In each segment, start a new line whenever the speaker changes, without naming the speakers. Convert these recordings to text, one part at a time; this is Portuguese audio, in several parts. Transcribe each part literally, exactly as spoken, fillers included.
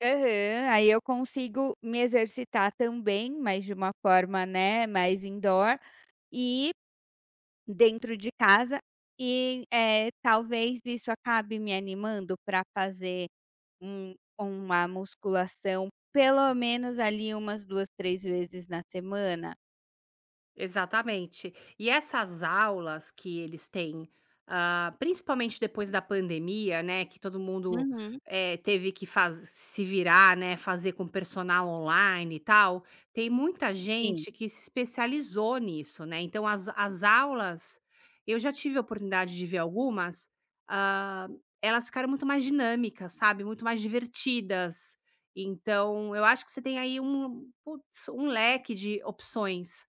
Aham. Aí eu consigo me exercitar também, mas de uma forma, né, mais indoor e dentro de casa. E, eh, talvez isso acabe me animando pra fazer um uma musculação, pelo menos, ali, umas duas, três vezes na semana?
Exatamente. E essas aulas que eles têm, ah, principalmente depois da pandemia, né, que todo mundo,
Uhum.
eh, teve que faz se virar, né, fazer com personal online e tal, tem muita
Sim.
gente que se especializou nisso, né, então as as aulas, eu já tive a oportunidade de ver algumas, hã, elas ficaram muito mais dinâmicas, sabe, muito mais divertidas. Então eu acho que você tem aí um puts, um leque de opções.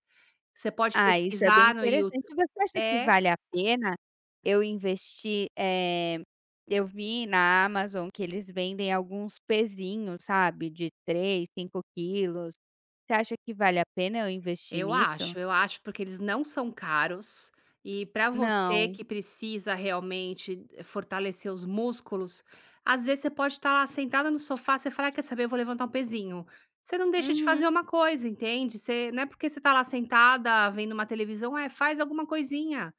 Você pode
Ah, isso é bem
pesquisar no You
interessante. Você acha que
é.
vale a pena eu investir, eh, eu vi na Amazon que eles vendem alguns pezinho, sabe, de três, cinco quilos. Você acha que vale a pena eu investir
Eu
nisso?
acho, eu acho, porque eles não são caros, e pra você
Não.
que precisa realmente fortalecer os músculos. Às vezes você pode tá lá sentada no sofá, você fala: "Ai, quer saber? Eu vou levantar um pezinho", você não deixa de fazer
Uhum.
uma coisa, entende, você não é porque você tá lá sentada vendo uma televisão é, faz alguma coisinha.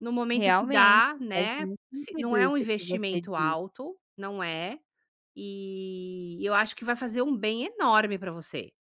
No momento que
Realmente,
dá,
faz
né.
muito
Se não
sentido
é um
isso que você
investimento
disse.
alto, não é. E eu acho que vai fazer um bem enorme pra você.